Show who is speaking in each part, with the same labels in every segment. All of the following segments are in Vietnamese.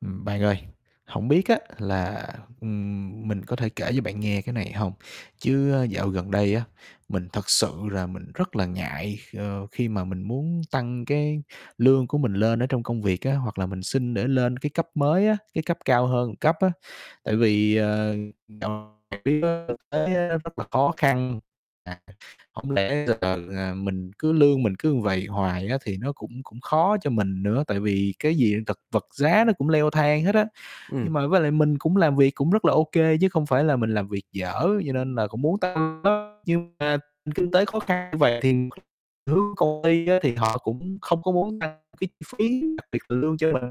Speaker 1: Ừm, bạn ơi, hổng biết á là, ừm, mình có thể kể cho bạn nghe cái này hông? Chứ á dạo gần đây á, mình thật sự là mình rất là ngại, ờ, khi mà mình muốn tăng cái lương của mình lên ở trong công việc á, hoặc là mình xin để lên cái cấp mới á, cái cấp cao hơn một cấp á. Tại vì, ờ, dạo trực tiếp á thực tế á rất là khó khăn, à, hổng lẽ giờ, ờ, mình cứ lương mình cứ vậy hoài á thì nó cũng cũng khó cho mình nữa, tại vì cái gì thật vật giá nó cũng leo thang hết á. Nhưng
Speaker 2: Ừm.
Speaker 1: mà với lại mình cũng làm việc cũng rất là ô kê chứ không phải là mình làm việc dở, cho nên là cũng muốn tăng đó nhưng mà kinh tế khó khăn như vậy thì hướng công ty á thì họ cũng không có muốn tăng cái chi phí, đặc biệt là lương cho mình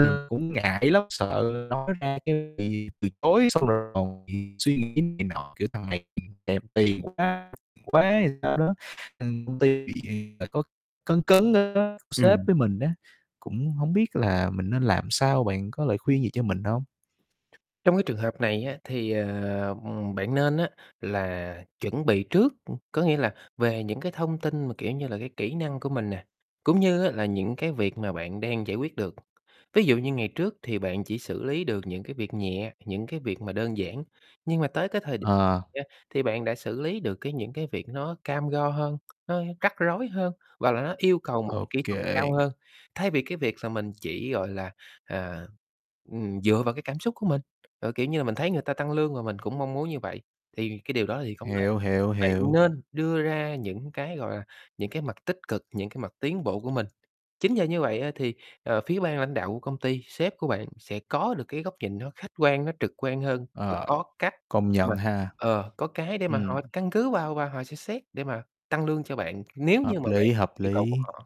Speaker 2: Ừm.
Speaker 1: cũng ngại lắm, sợ nói ra cái bị từ chối, xong rồi còn bị suy nghĩ này nọ, kiểu: "Thằng này thèm tiền quá quá" hay sao đó. Ừm, công ty bị tại có cấn cấn á, sếp
Speaker 2: Ừm.
Speaker 1: với mình á, cũng hổng biết là mình nên làm sao, bạn có lời khuyên gì cho mình không?
Speaker 2: Trong cái trường hợp này á thì, ờ, ừm, bạn nên á là chuẩn bị trước, ưm, có nghĩa là về những cái thông tin mà, kiểu như là, cái kỹ năng của mình nè, cũng như á là những cái việc mà bạn đang giải quyết được. Ví dụ như ngày trước thì bạn chỉ xử lý được những cái việc nhẹ, những cái việc mà đơn giản, nhưng mà tới cái thời đ
Speaker 1: Ờ.
Speaker 2: đó, thì bạn đã xử lý được cái những cái việc nó cam go hơn, nó rắc rối hơn và là nó yêu cầu một
Speaker 1: Ô
Speaker 2: kỹ thuật cao
Speaker 1: kê.
Speaker 2: hơn. Thay vì cái việc mà mình chỉ, gọi là, à, ừm, dựa vào cái cảm xúc của mình, ờ, kiểu như là, mình thấy người ta tăng lương mà mình cũng mong muốn như vậy, thì cái điều đó thì không nên.
Speaker 1: Hiểu, hiểu,
Speaker 2: Bạn
Speaker 1: hiểu.
Speaker 2: nên đưa ra những cái, gọi là, những cái mặt tích cực, những cái mặt tiến bộ của mình. Chính nhờ như vậy á thì, ờ, phía ban lãnh đạo của công ty, sếp của bạn sẽ có được cái góc nhìn nó khách quan, nó trực quan hơn và
Speaker 1: Ờ,
Speaker 2: có cách
Speaker 1: công
Speaker 2: mà
Speaker 1: nhận ha.
Speaker 2: ờ, có cái để mà
Speaker 1: Ừm.
Speaker 2: họ căn cứ vào và họ sẽ xét để mà tăng lương cho bạn nếu như
Speaker 1: Hợp
Speaker 2: mà bạn
Speaker 1: lý, hợp
Speaker 2: yêu cầu của
Speaker 1: lý.
Speaker 2: họ.